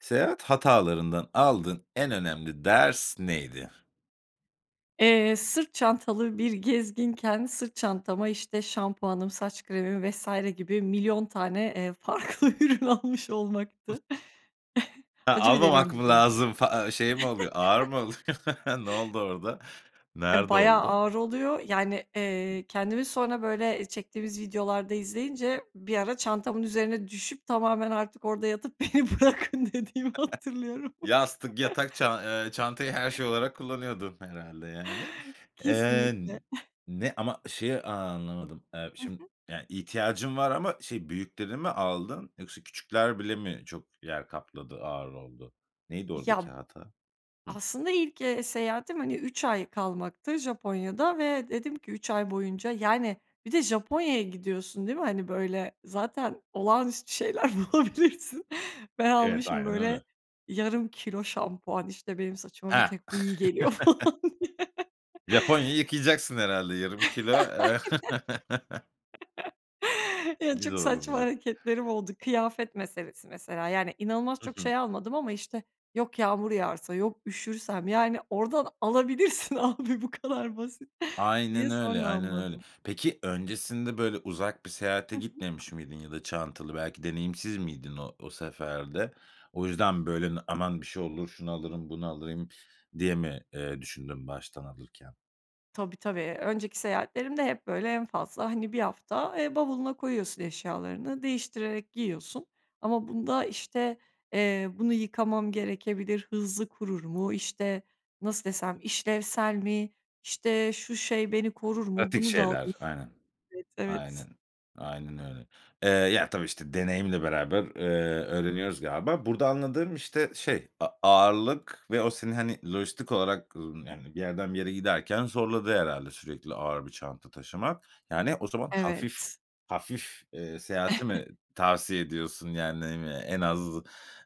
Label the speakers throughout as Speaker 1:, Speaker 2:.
Speaker 1: Seyahat hatalarından aldığın en önemli ders neydi?
Speaker 2: Eee, sırt çantalı bir gezginken sırt çantama, işte, şampuanım, saç kremi vs. gibi milyon tane, eee, farklı ürün almış olmaktı. Acı bir
Speaker 1: Almamak
Speaker 2: deneyimdi
Speaker 1: mı
Speaker 2: benim için.
Speaker 1: lazım, fa a şey mi oluyor? Ağır mı oluyor, ne oldu orada,
Speaker 2: Eee,
Speaker 1: nerede
Speaker 2: bayağı
Speaker 1: oldu?
Speaker 2: ağır oluyor, yani,
Speaker 1: Hı.
Speaker 2: eee, kendimi sonra, böyle, eee, çektiğimiz videolarda izleyince, bir ara çantamın üzerine düşüp tamamen artık orada yatıp "Beni bırakın." dediğimi hatırlıyorum.
Speaker 1: Yastık, yatak ça eee, çantayı her şey olarak kullanıyordun herhâlde yani. Eee,
Speaker 2: Kesinlikle.
Speaker 1: ne, ama şeyi anlamadım, eee,
Speaker 2: Hı
Speaker 1: şim
Speaker 2: hı.
Speaker 1: yani, ihtiyacın var ama, şey, büyüklerini mi aldın yoksa küçükler bile mi çok yer kapladı, ağır oldu? Neydi oradaki
Speaker 2: Ya.
Speaker 1: hata? Hıh.
Speaker 2: Aslında ilk, eee, seyahatim, hani, 3 ay kalmaktı Japonya'da ve dedim ki, 3 ay boyunca, yani, bir de Japonya'ya gidiyorsun, değil mi? Hani, böyle, zaten olağanüstü şeyler bulabilirsin, ben
Speaker 1: Evet,
Speaker 2: almışım,
Speaker 1: aynen öyle.
Speaker 2: böyle, yarım kilo şampuan, işte, benim saçıma bir
Speaker 1: He.
Speaker 2: tek bu iyi geliyor falan diye.
Speaker 1: Japonya'yı yıkayacaksın herhâlde yarım
Speaker 2: Aynen.
Speaker 1: kilo, eee
Speaker 2: Ya,
Speaker 1: Biz
Speaker 2: çok
Speaker 1: [unintelligible]
Speaker 2: saçma
Speaker 1: hocam.
Speaker 2: hareketlerim oldu, kıyafet meselesi mesela, yani inanılmaz
Speaker 1: Hı
Speaker 2: çok
Speaker 1: hı.
Speaker 2: şey almadım ama işte, yok. "Yağmur yağarsa...", yok, "Üşürsem...", yani, oradan alabilirsin abi, bu kadar basit, diye
Speaker 1: Aynen öyle,
Speaker 2: sonra
Speaker 1: aynen öyle.
Speaker 2: anladım.
Speaker 1: Peki, öncesinde böyle, uzak bir seyahate
Speaker 2: Hı hı.
Speaker 1: gitmemiş miydin ya da çantalı, belki deneyimsiz miydin o o seferde? O yüzden, böyle, "Aman bir şey olur, şunu alırım, bunu alıyım." diye mi, eee, düşündün baştan alırken?
Speaker 2: Tabii, tabii, önceki seyahatlerimde hep, böyle, en fazla, hani, 1 hafta, eee, bavuluna koyuyorsun eşyalarını, değiştirerek giyiyorsun. Ama bunda, işte, eee, "Bunu yıkamam gerekebilir, hızlı kurur mu?" İşte, nasıl desem? "İşlevsel mi? İşte, şu şey beni korur mu?
Speaker 1: Pratik
Speaker 2: Bunu da alayım."
Speaker 1: şeyler. Aynen.
Speaker 2: Evet, evet.
Speaker 1: Aynen, aynen öyle. Eee, ya, tabii, işte, deneyimle beraber, eee, öğreniyoruz galiba. Burada anladığım, işte, şey, a ağırlık ve o seni, hani, lojistik olarak, ımm, yani, bir yerden bir yere giderken zorladı herhâlde sürekli ağır bir çanta taşımak. Yani, o zaman hafif
Speaker 2: Evet.
Speaker 1: hafif, eee, seyahati mi tavsiye ediyorsun? Yani, ne bileyim ya, en az,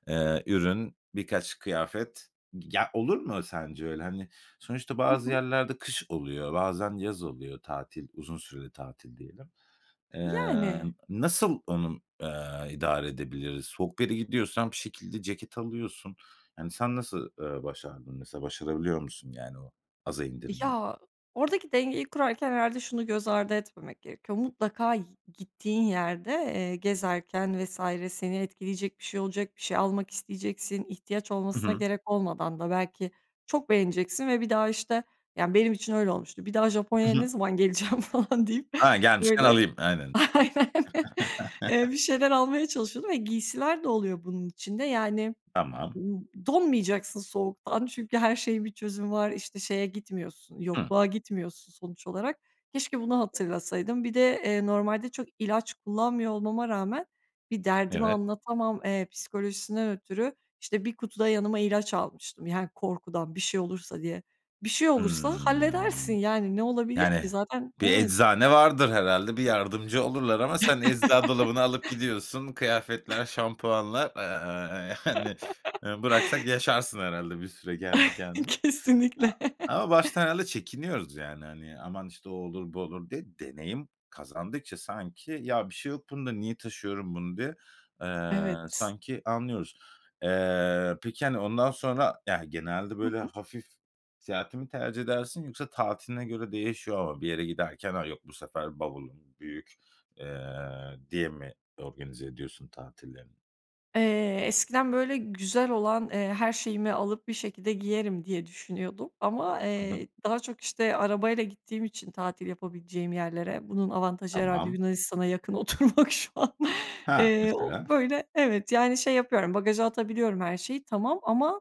Speaker 1: eee, ürün, birkaç kıyafet. Gi ya, olur mu sence öyle? Hani, sonuçta
Speaker 2: Hı
Speaker 1: bazı
Speaker 2: hı.
Speaker 1: yerlerde kış oluyor, bazen yaz oluyor tatil, uzun süreli tatil diyelim. Emm,
Speaker 2: Yani.
Speaker 1: nasıl onu m eee, idare edebiliriz? Soğuk bir yere gidiyorsan bir şekilde ceket alıyorsun. Yani, sen nasıl, eee, başardın mesela, başarabiliyor musun yani o aza indirmeyi?
Speaker 2: Ya, oradaki dengeyi kurarken herhâlde şunu göz ardı etmemek gerekiyor, mutlaka i gittiğin yerde, eee, gezerken vs. seni etkileyecek bir şey olacak, bir şey almak isteyeceksin, ihtiyaç
Speaker 1: I
Speaker 2: olmasına
Speaker 1: hı.
Speaker 2: gerek olmadan da belki çok beğeneceksin ve bir daha, işte Yani, benim için öyle olmuştu, "Bir daha Japonya'ya
Speaker 1: I hı.
Speaker 2: ne zaman geleceğim?" falan deyip,
Speaker 1: A, gelmişken
Speaker 2: böyle
Speaker 1: alayım. Aynen.
Speaker 2: Aynen. Eee, bir şeyler almaya çalışıyordum ve giysiler de oluyor bunun içinde, yani,
Speaker 1: Tamam.
Speaker 2: [unintelligible] donmayacaksın soğuktan çünkü her şeyin bir çözümü var. İşte, şeye gitmiyorsun,
Speaker 1: Hımm.
Speaker 2: yokluğa gitmiyorsun sonuç olarak. Keşke bunu hatırlasaydım. Bir de, eee, normalde çok ilaç kullanmıyor olmama rağmen bir derdimi
Speaker 1: Evet.
Speaker 2: anlatamam, eee, psikolojisinden ötürü, işte, 1 kutu da yanıma ilaç almıştım, yani, korkudan bir şey olursa diye. "Bir şey olursa halledersin."
Speaker 1: Hımm.
Speaker 2: yani, ne olabilir ki?
Speaker 1: Yani,
Speaker 2: Zaten
Speaker 1: bir
Speaker 2: Evet.
Speaker 1: eczane vardır herhâlde, bir yardımcı olurlar ama sen ecza dolabını alıp gidiyorsun. Kıyafetler, şampuanlar, aaa, yani, eee, bıraksak yaşarsın herhâlde bir süre kendi kendine.
Speaker 2: Kesinlikle.
Speaker 1: A ama baştan herhâlde çekiniyoruz, yani, hani, "Aman, işte, o olur, bu olur." diye. Deneyim kazandıkça sanki, "Ya, bir şey yok bunda. Niye taşıyorum bunu?" diye, eee,
Speaker 2: Evet.
Speaker 1: sanki anlıyoruz. Eee, peki, hani, ondan sonra Yani, genelde,
Speaker 2: Hı
Speaker 1: böyle,
Speaker 2: hı.
Speaker 1: hafif seyahati mi tercih edersin yoksa tatiline göre değişiyor mu? Bir yere giderken, "A, yok bu sefer bavulum büyük." eee, diye mi organize ediyorsun tatillerini?
Speaker 2: Eee, eskiden, böyle, güzel olan, eee, her şeyimi alıp, "Bir şekilde giyerim." diye düşünüyordum ama,
Speaker 1: Hı hı.
Speaker 2: eee, daha çok, işte, arabayla gittiğim için tatil yapabileceğim yerlere, bunun avantajı herhâlde
Speaker 1: Tamam.
Speaker 2: Yunanistan'a yakın oturmak şu an.
Speaker 1: Ha!
Speaker 2: Eee, o,
Speaker 1: Mesela.
Speaker 2: böyle, evet, yani, şey yapıyorum, bagaja atabiliyorum her şeyi tamam ama,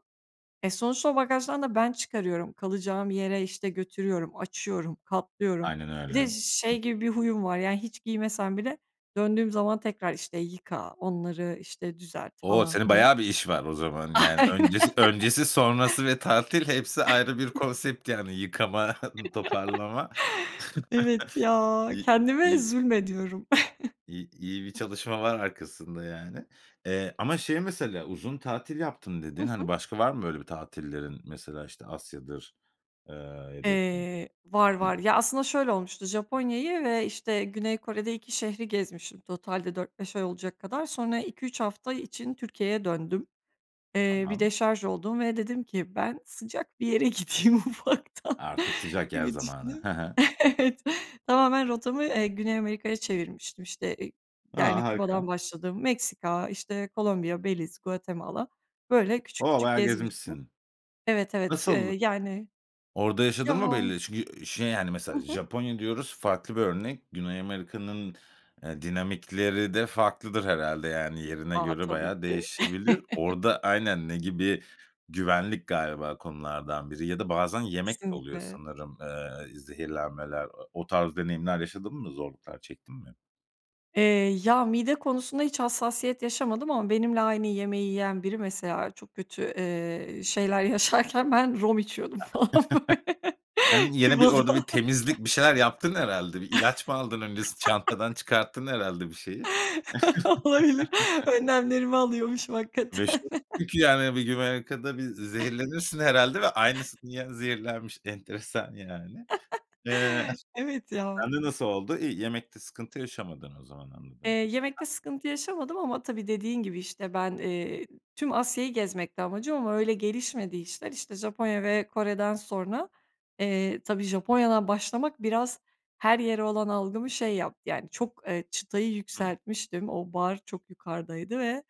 Speaker 2: e, sonuçta o bagajdan da ben çıkarıyorum, kalacağım yere, işte, götürüyorum, açıyorum, katlıyorum.
Speaker 1: Aynen
Speaker 2: Bir
Speaker 1: öyle.
Speaker 2: de ş şey gibi bir huyum var, yani, hiç giymesem bile döndüğüm zaman tekrar, işte, yıka onları, işte, düzelt
Speaker 1: O!
Speaker 2: falan
Speaker 1: Senin
Speaker 2: filan.
Speaker 1: bayağı bir iş var o zaman, yani,
Speaker 2: Aynen.
Speaker 1: öncesi öncesi sonrası ve tatil hepsi ayrı bir konsept, yani. Yıkama, toparlama.
Speaker 2: Evet ya,
Speaker 1: İ
Speaker 2: kendime
Speaker 1: i
Speaker 2: zulmediyorum.
Speaker 1: i iyi bir çalışma var arkasında, yani. Eee, ama şey mesela "uzun tatil yaptım"
Speaker 2: Hı
Speaker 1: dedin, hani,
Speaker 2: hı.
Speaker 1: başka var mı, böyle, bir tatillerin? Mesela, işte, Asya'dır, eee, ya da
Speaker 2: Eee, var, var.
Speaker 1: Hımm.
Speaker 2: Ya, aslında şöyle olmuştu, Japonya'yı ve, işte, Güney Kore'de 2 şehri gezmiştim totalde 4-5 ay olacak kadar. Sonra 2-3 hafta için Türkiye'ye döndüm. Eee, bir
Speaker 1: Tamam.
Speaker 2: deşarj oldum ve dedim ki: "Ben sıcak bir yere gideyim, ufaktan."
Speaker 1: Artık sıcak yer
Speaker 2: gibi
Speaker 1: zamanı.
Speaker 2: düşünüp
Speaker 1: Ha ha.
Speaker 2: Evet. Tamamen rotamı, eee, Güney Amerika'ya çevirmiştim, işte e
Speaker 1: A,
Speaker 2: yani, Küba'dan
Speaker 1: harika.
Speaker 2: başladım, Meksika, işte, Kolombiya, Beliz, Guatemala, böyle, küçük
Speaker 1: O!
Speaker 2: küçük
Speaker 1: Bayağı
Speaker 2: gezmiştim.
Speaker 1: gezmişsin.
Speaker 2: Evet, evet, eee,
Speaker 1: Nasıldı?
Speaker 2: yani.
Speaker 1: Orada yaşadın mı
Speaker 2: Ya.
Speaker 1: belli Çünkü, eee, şey, yani,
Speaker 2: Hı
Speaker 1: mesela
Speaker 2: hı.
Speaker 1: Japonya diyoruz, farklı bir örnek, Güney Amerika'nın, eee, dinamikleri de farklıdır herhâlde, yani, yerine
Speaker 2: A,
Speaker 1: göre
Speaker 2: tabii
Speaker 1: bayağı
Speaker 2: ki.
Speaker 1: değişebilir. Orada Aynen. Ne gibi Güvenlik galiba konulardan biri ya da bazen yemek de oluyor
Speaker 2: Kesinlikle.
Speaker 1: sanırım, eee, zehirlenmeler. A o tarz deneyimler yaşadın mı, zorluklar çektin mi?
Speaker 2: Eee, ya, mide konusunda hiç hassasiyet yaşamadım ama benimle aynı yemeği yiyen biri mesela çok kötü, ııı, şeyler yaşarken ben rom içiyordum falan, böyle,
Speaker 1: Sen gene bir
Speaker 2: Küba'da.
Speaker 1: orada bir temizlik, bir şeyler yaptın herhâlde. Bir ilaç mı aldın öncesi? Çantadan çıkarttın herhâlde bir şeyi.
Speaker 2: Olabilir, önlemlerimi alıyormuşum hakikaten.
Speaker 1: [unintelligible] Yani Güney Amerika'da bir zehirlenirsin herhâlde ve aynısının yan zehirlenmiş, enteresan yani. Iıı,
Speaker 2: Evet, ya.
Speaker 1: sende nasıl oldu? İyi, yemekte sıkıntı yaşamadın o zaman,
Speaker 2: Eee,
Speaker 1: anladığım kadarıyla.
Speaker 2: yemekte sıkıntı yaşamadım ama tabii dediğin gibi, işte, ben, ııı, tüm Asya'yı gezmekti amacım ama öyle gelişmedi işler. İşte, Japonya ve Kore'den sonra, eee, tabii Japonya'dan başlamak biraz her yere olan algımı şey yaptı, yani çok, ııı, çıtayı
Speaker 1: Hıı.
Speaker 2: yükseltmiştim, o bar çok yukarıdaydı ve,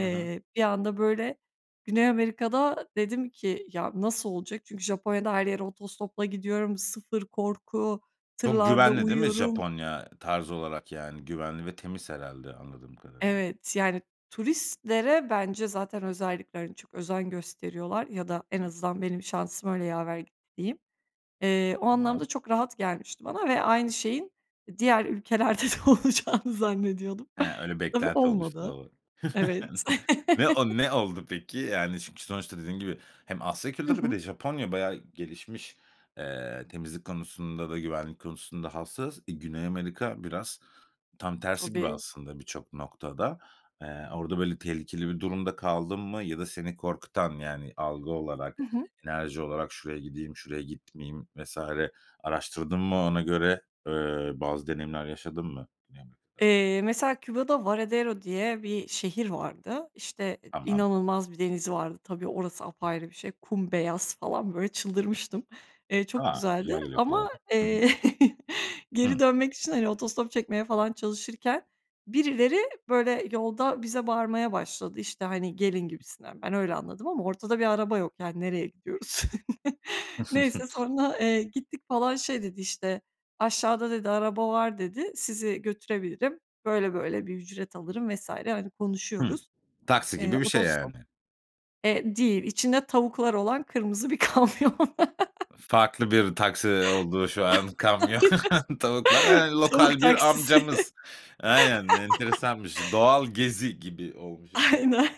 Speaker 1: Hı hı.
Speaker 2: bir anda, böyle, Güney Amerika'da dedim ki "Ya, nasıl olacak?" Çünkü Japonya'da her yere otostopla gidiyorum, sıfır korku,
Speaker 1: Çok
Speaker 2: tırlarda
Speaker 1: güvenli, değil mi
Speaker 2: uyuyorum.
Speaker 1: Japonya? Tarz olarak, yani, güvenli ve temiz herhâlde anladığım kadarıyla.
Speaker 2: Evet, yani, turistlere bence zaten özellikle çok özen gösteriyorlar ya da en
Speaker 1: Hıı.
Speaker 2: azından benim şansım öyle yaver gitti, diyeyim. Eee, o
Speaker 1: Tamam.
Speaker 2: anlamda çok rahat gelmişti bana ve aynı şeyin diğer ülkelerde de olacağını zannediyordum.
Speaker 1: He, öyle
Speaker 2: Tabii
Speaker 1: beklenti oluştu,
Speaker 2: olmadı,
Speaker 1: doğru.
Speaker 2: evet.
Speaker 1: Ne o ne oldu peki? Yani, çünkü sonuçta dediğin gibi hem Asya
Speaker 2: Hı
Speaker 1: Kültürü bir
Speaker 2: hı.
Speaker 1: de Japonya bayağı gelişmiş. Eee, temizlik konusunda da güvenlik konusunda hassas. Eee, Güney Amerika biraz tam tersi gibi
Speaker 2: Tabii.
Speaker 1: aslında birçok noktada. Eee, orada, böyle, tehlikeli bir durumda kaldın mı ya da seni korkutan, yani, algı
Speaker 2: Hı
Speaker 1: olarak,
Speaker 2: hı.
Speaker 1: enerji olarak "Şuraya gideyim, şuraya gitmeyeyim." vs. araştırdın mı ona göre, ııı, bazı deneyimler yaşadın mı Güney Amerika'da?
Speaker 2: Eee, mesela Küba'da Varedero diye bir şehir vardı, işte,
Speaker 1: Tamam.
Speaker 2: inanılmaz bir denizi vardı. Tabii orası apayrı bir şey, kum beyaz falan, böyle, çıldırmıştım, eee, çok
Speaker 1: A,
Speaker 2: güzeldi
Speaker 1: güzel geliyor kulağa,
Speaker 2: ama,
Speaker 1: hı hı.
Speaker 2: eee, geri
Speaker 1: Hıı.
Speaker 2: dönmek için, hani, otostop çekmeye falan çalışırken birileri, böyle, yolda bize bağırmaya başladı, işte, hani, "Gelin." gibisinden. Ben öyle anladım ama ortada bir araba yok, yani, nereye gidiyoruz? Neyse sonra, eee, gittik falan şey dedi, işte, "Aşağıda." dedi, "Araba var." dedi, "Sizi götürebilirim, böyle böyle bir ücret alırım." vs. hani,
Speaker 1: Hıı,
Speaker 2: konuşuyoruz.
Speaker 1: taksi
Speaker 2: Eee,
Speaker 1: gibi bir şey
Speaker 2: otostop,
Speaker 1: yani.
Speaker 2: eee, değil, içinde tavuklar olan kırmızı bir kamyon.
Speaker 1: Farklı bir taksi oldu şu an kamyon, tavuklar, eee,
Speaker 2: Tavuk
Speaker 1: lokal bir
Speaker 2: taksisi.
Speaker 1: amcamız. Aynen, enteresanmış, doğal gezi gibi olmuş yani.
Speaker 2: Aynen,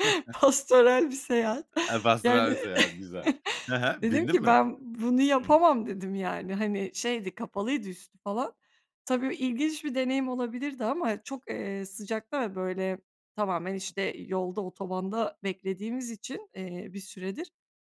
Speaker 2: pastoral bir seyahat,
Speaker 1: Eee, pastoral
Speaker 2: yani,
Speaker 1: bir seyahat güzel. He he.
Speaker 2: dedim
Speaker 1: Bindin
Speaker 2: ki
Speaker 1: mi?
Speaker 2: "Ben bunu
Speaker 1: Hıı.
Speaker 2: yapamam." dedim yani, hani, şeydi, kapalıydı üstü falan. Tabii ilginç bir deneyim olabilirdi ama çok, eee, sıcakta ve, böyle, tamamen, işte, yolda, otobanda beklediğimiz için, eee, bir süredir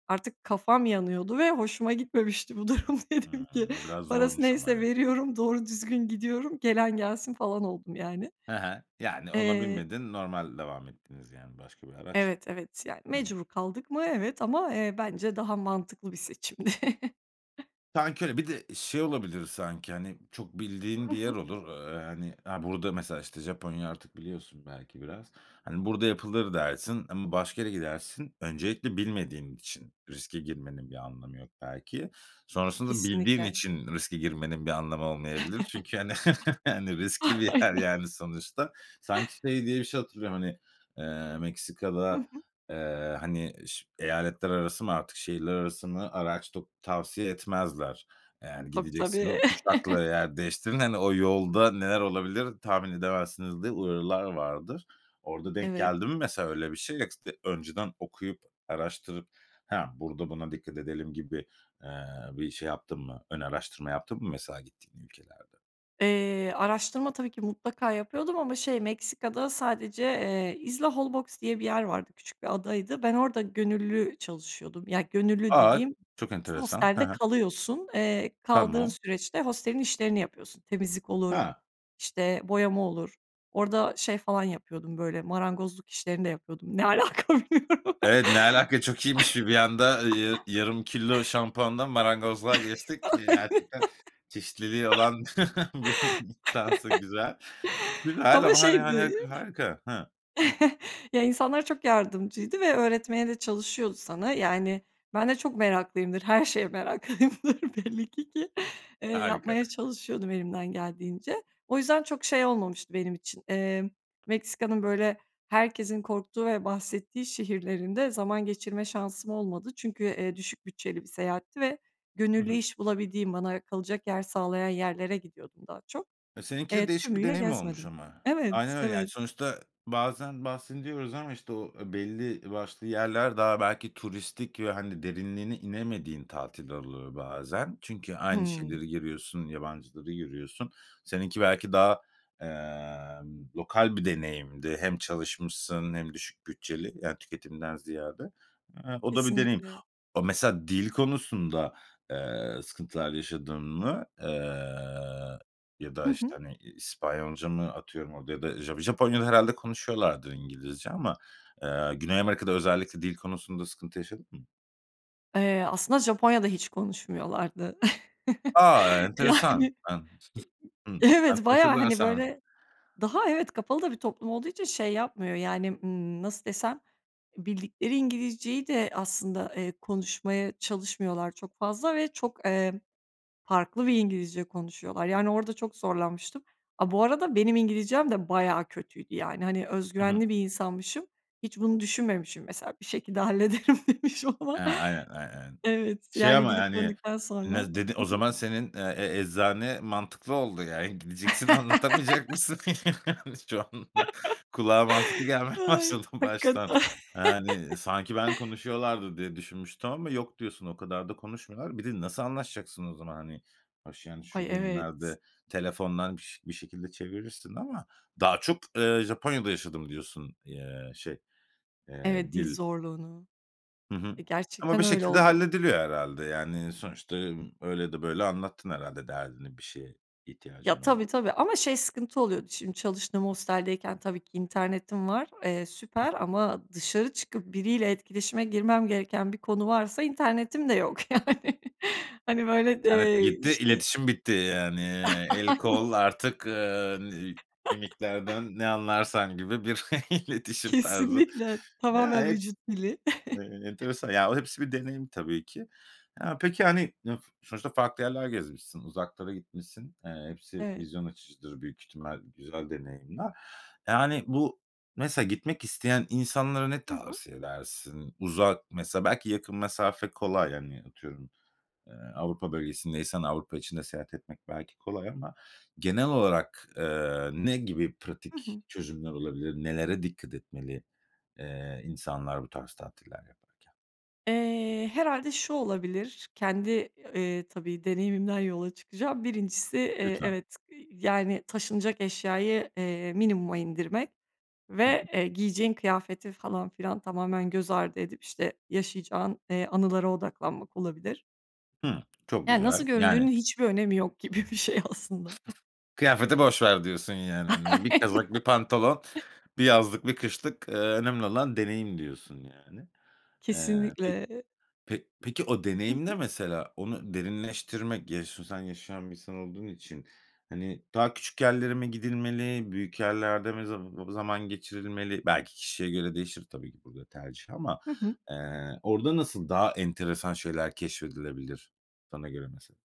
Speaker 2: artık kafam yanıyordu ve hoşuma gitmemişti bu durum dedim
Speaker 1: Hıı,
Speaker 2: ki,
Speaker 1: o biraz
Speaker 2: "Parası
Speaker 1: zormuş ama
Speaker 2: neyse
Speaker 1: evet.
Speaker 2: veriyorum, doğru düzgün gidiyorum, gelen gelsin." falan oldum yani.
Speaker 1: He he. Yani, ona
Speaker 2: Eee
Speaker 1: binmedin, normal devam ettiniz, yani, başka bir araçla.
Speaker 2: Evet, evet. Yani,
Speaker 1: Hı hı.
Speaker 2: mecbur kaldık mı? Evet ama, eee, bence daha mantıklı bir seçimdi.
Speaker 1: Sanki öyle, bir de şey olabilir sanki, hani, çok bildiğin
Speaker 2: Hı
Speaker 1: bir yer
Speaker 2: hı.
Speaker 1: olur, aaa, hani, a burada mesela, işte, Japonya artık biliyorsun belki biraz. Hani, "Burada yapılır." dersin ama başka yere gidersin. Öncelikle bilmediğin için riske girmenin bir anlamı yok belki. Sonrasında bildiğin
Speaker 2: Kesinlikle.
Speaker 1: için riske girmenin bir anlamı olmayabilir çünkü, hani, hani, riskli
Speaker 2: Ah,
Speaker 1: bir yer,
Speaker 2: Aynen.
Speaker 1: yani, sonuçta. Sanki şey diye bir şey hatırlıyorum, hani, eee,
Speaker 2: Hı
Speaker 1: Meksika'da,
Speaker 2: hı.
Speaker 1: eee, hani, ş eyaletler arası mı artık, şehirler arası mı araç tu tavsiye etmezler. Eee, yani,
Speaker 2: Tabii,
Speaker 1: gidecekseniz
Speaker 2: tabii.
Speaker 1: uçakla yer değiştirin, hani, o yolda neler olabilir, tahmin edemezsiniz diye uyarılar vardır. Orada denk
Speaker 2: Evet.
Speaker 1: geldi mi mesela öyle bir şey [unintelligible] de önceden okuyup, araştırıp "Ha, burada buna dikkat edelim." gibi, eee, bir şey yaptın mı, ön araştırma yaptın mı mesela gittiğin ülkelerde?
Speaker 2: Eee, araştırma tabii ki mutlaka yapıyordum ama şey Meksika'da sadece, eee, Isla Holbox diye bir yer vardı, küçük bir adaydı. Ben orada gönüllü çalışıyordum, ya gönüllü
Speaker 1: A!
Speaker 2: dediğim
Speaker 1: Çok enteresan, he
Speaker 2: hostelde
Speaker 1: he.
Speaker 2: kalıyorsun, eee, kaldığın
Speaker 1: Tamam.
Speaker 2: süreçte hostelin işlerini yapıyorsun. Temizlik
Speaker 1: He.
Speaker 2: olur, işte, boyama olur. Orada şey falan yapıyordum böyle marangozluk işlerini de yapıyordum. Ne alaka, bilmiyorum.
Speaker 1: Evet, ne alaka, çok iyiymiş bi bir anda, iii, yarı yarım kilo şampuandan marangozluğa geçtik. Eee,
Speaker 2: Aynen.
Speaker 1: gerçekten çeşitliliği olan bir insansın. Güzel, güzel
Speaker 2: Ama
Speaker 1: ama, hani hani,
Speaker 2: şeydi
Speaker 1: harika. Hıı. Hı.
Speaker 2: Ya, insanlar çok yardımcıydı ve öğretmeye de çalışıyordu sana. Yani ben de çok meraklıyımdır. Her şeye meraklıyımdır belli ki, ki, eee,
Speaker 1: Harika.
Speaker 2: yapmaya çalışıyordum elimden geldiğince. O yüzden çok şey olmamıştı benim için, eee, Meksika'nın, böyle, herkesin korktuğu ve bahsettiği şehirlerinde zaman geçirme şansım olmadı. Çünkü, eee, düşük bütçeli bir seyahatti ve
Speaker 1: Hı
Speaker 2: gönüllü
Speaker 1: hı.
Speaker 2: iş bulabildiğim, bana, ııı, kalacak yer sağlayan yerlere gidiyordum daha çok.
Speaker 1: Eee, seninki de
Speaker 2: Eee,
Speaker 1: değişik bir
Speaker 2: tümüyle
Speaker 1: deneyim olmuş
Speaker 2: gezmedim.
Speaker 1: ama.
Speaker 2: Evet,
Speaker 1: Aynen öyle, yani,
Speaker 2: evet.
Speaker 1: sonuçta bazen bahsediyoruz ama, işte, o belli başlı yerler daha belki turistik ve, hani, derinliğine inemediğin tatiller oluyor bazen. Çünkü aynı
Speaker 2: Hımm.
Speaker 1: şeyleri görüyorsun, yabancıları görüyorsun. Seninki belki daha, emm, lokal bir deneyimdi hem çalışmışsın hem düşük bütçeli, yani, tüketimden ziyade. Hıı, o da bir deneyim.
Speaker 2: Kesinlikle.
Speaker 1: O mesela dil konusunda, eee, sıkıntılar yaşadın mı? Eee, ya
Speaker 2: Hı
Speaker 1: da, işte,
Speaker 2: hı.
Speaker 1: hani, İspanyolca mı, atıyorum, orada ya da Ja Japonya'da herhâlde konuşuyorlardır İngilizce ama, eee, Güney Amerika'da özellikle dil konusunda sıkıntı yaşadın mı?
Speaker 2: Eee, aslında Japonya'da hiç konuşmuyorlardı.
Speaker 1: A, enteresan,
Speaker 2: Yani,
Speaker 1: emm, hımm,
Speaker 2: e
Speaker 1: ben
Speaker 2: evet, bayağı,
Speaker 1: konuşurlar
Speaker 2: hani,
Speaker 1: sanmıştım.
Speaker 2: böyle, daha evet, kapalı da bir toplum olduğu için şey yapmıyor, yani, ımm, nasıl desem, bildikleri İngilizceyi de aslında, eee, konuşmaya çalışmıyorlar çok fazla ve çok, eee, farklı bir İngilizce konuşuyorlar. Yani, orada çok zorlanmıştım. A, bu arada benim İngilizcem de bayağı kötüydü, yani, hani, öz
Speaker 1: Hı hı.
Speaker 2: güvenli bir insanmışım. Hiç bunu düşünmemişim, mesela, bir şekilde hallederim demişim,
Speaker 1: E,
Speaker 2: ama.
Speaker 1: aynen, ay aynen,
Speaker 2: Evet,
Speaker 1: şey,
Speaker 2: yani,
Speaker 1: ama,
Speaker 2: gidip
Speaker 1: yani,
Speaker 2: döndükten sonra.
Speaker 1: ne dedi
Speaker 2: Hı
Speaker 1: o
Speaker 2: hı.
Speaker 1: zaman, senin, eee, e eczane mantıklı oldu yani, gideceksin, anlatamayacak mısın? Şu an kulağa mantıklı gelmeye
Speaker 2: Ay,
Speaker 1: başladı baştan.
Speaker 2: hakikaten.
Speaker 1: Yani, sanki ben konuşuyorlardır diye düşünmüştüm ama yok diyorsun, o kadar da konuşmuyorlar. Bir de nasıl anlaşacaksın o zaman, hani? Hoş, yani,
Speaker 2: Ay,
Speaker 1: şu
Speaker 2: evet.
Speaker 1: günlerde telefondan biş bir şekilde çevirirsin ama daha çok, eee, Japonya'da yaşadım diyorsun, eee, şey, eee,
Speaker 2: Evet, dil
Speaker 1: dil
Speaker 2: zorluğunu.
Speaker 1: Hı hı.
Speaker 2: E,
Speaker 1: Ama
Speaker 2: gerçekten
Speaker 1: bir
Speaker 2: öyle
Speaker 1: şekilde
Speaker 2: oldu.
Speaker 1: hallediliyor herhâlde, yani, sonuçta, öyle ya da böyle anlattın herhâlde derdini, bir şeye ihtiyacın
Speaker 2: Ya, tabii,
Speaker 1: olduğu
Speaker 2: tabii,
Speaker 1: zaman.
Speaker 2: ama, şey, sıkıntı oluyordu, şimdi çalıştığım hosteldeyken tabii ki internetim var. Eee, süper
Speaker 1: [unintelligible]
Speaker 2: ama dışarı çıkıp biriyle etkileşime girmem gereken bir konu varsa internetim de yok, yani. yani. Hani, böyle,
Speaker 1: İnternet
Speaker 2: eee,
Speaker 1: gitti,
Speaker 2: işte.
Speaker 1: iletişim bitti, yani. El
Speaker 2: Aynen.
Speaker 1: kol, artık, ııı, n mimiklerden ne anlarsan gibi bir iletişim tarzı.
Speaker 2: Kesinlikle.
Speaker 1: Ya,
Speaker 2: Tamamen
Speaker 1: heps
Speaker 2: vücut dili.
Speaker 1: e enteresan ya, o, hepsi bir deneyim tabii ki. Ya peki, hani, ı sonuçta farklı yerler gezmişsin, uzaklara gitmişsin, eee, hepsi
Speaker 2: Evet.
Speaker 1: vizyon açıcıdır büyük ihtimal, güzel deneyimler. Ya, hani, bu mesela gitmek isteyen insanlara ne
Speaker 2: Hı hı.
Speaker 1: tavsiye edersin? Uzak, mesela belki yakın mesafe kolay, hani, atıyorum, eee, Avrupa bölgesindeysen, Avrupa içinde seyahat etmek belki kolay ama genel olarak, eee, ne gibi
Speaker 2: Hı
Speaker 1: pratik
Speaker 2: hı.
Speaker 1: çözümler olabilir? Nelere dikkat etmeli, eee, insanlar bu tarz tatiller yaparken?
Speaker 2: Eee, herhâlde şu olabilir, kendi, eee, tabii, deneyimimden yola çıkacağım. Birincisi, eee,
Speaker 1: Lütfen.
Speaker 2: evet, yani, taşınacak eşyayı, eee, minimuma indirmek
Speaker 1: Hı
Speaker 2: ve,
Speaker 1: hı.
Speaker 2: eee, giyeceğin kıyafeti falan filan tamamen göz ardı edip, işte, yaşayacağın, eee, anılara odaklanmak olabilir.
Speaker 1: Hıı, çok
Speaker 2: Ya, nasıl
Speaker 1: güzel, yani
Speaker 2: göründüğünün hiçbir önemi yok gibi bir şey, aslında.
Speaker 1: Kıyafeti boş ver diyorsun, yani, hani, bir
Speaker 2: Aynen.
Speaker 1: kazak, bir pantolon, bir yazlık, bir kışlık, eee, önemli olan deneyim diyorsun, yani. Eee, pe
Speaker 2: Kesinlikle.
Speaker 1: pe peki, o
Speaker 2: Hı
Speaker 1: deneyim ne,
Speaker 2: hı.
Speaker 1: mesela, onu derinleştirmek, [unintelligible] yaşayan bir insan olduğun için, hani, daha küçük yerlere mi gidilmeli, büyük yerlerde mi zaba zaman geçirilmeli, belki kişiye göre değişir, tabii ki, burada tercih ama,
Speaker 2: Hı hı.
Speaker 1: eee, orada nasıl daha enteresan şeyler keşfedilebilir, sana göre, mesela?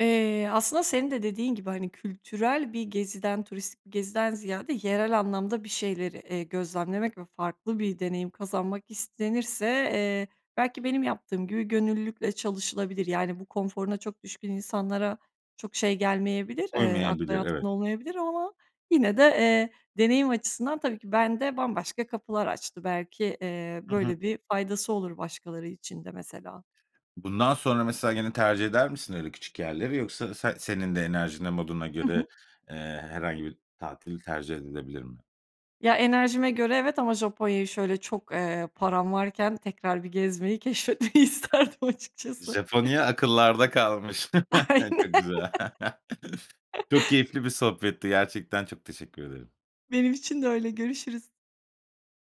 Speaker 2: Eee, aslında, senin de dediğin gibi, hani, kültürel bir geziden, turistik bir geziden ziyade, yerel anlamda bir şeyleri, eee, gözlemlemek ve farklı bir deneyim kazanmak istenirse, eee, belki, benim yaptığım gibi, gönüllülükle çalışılabilir. Yani, bu, konforuna çok düşkün insanlara çok şey gelmeyebilir, eee, akla
Speaker 1: Uymayabilir,
Speaker 2: yatkın
Speaker 1: evet.
Speaker 2: olmayabilir ama, yine de, eee, deneyim açısından, tabii ki, bende bambaşka kapılar açtı, belki, eee,
Speaker 1: Hı hı.
Speaker 2: böyle bir faydası olur başkaları için de, mesela.
Speaker 1: Bundan sonra, mesela, gene tercih eder misin öyle küçük yerleri, yoksa sen senin de enerjinle, moduna
Speaker 2: Hı hı.
Speaker 1: göre, eee, herhangi bir tatil tercih edebilir mi?
Speaker 2: Ya, enerjime göre, evet, ama Japonya'yı, şöyle, çok, eee, param varken tekrar bir gezmeyi, keşfetmeyi
Speaker 1: [unintelligible]
Speaker 2: isterdim, açıkçası.
Speaker 1: Japonya akıllarda kalmış,
Speaker 2: Aynen.
Speaker 1: çok güzel, çok keyifli bir sohbetti, gerçekten çok teşekkür ederim.
Speaker 2: Benim için de öyle, görüşürüz.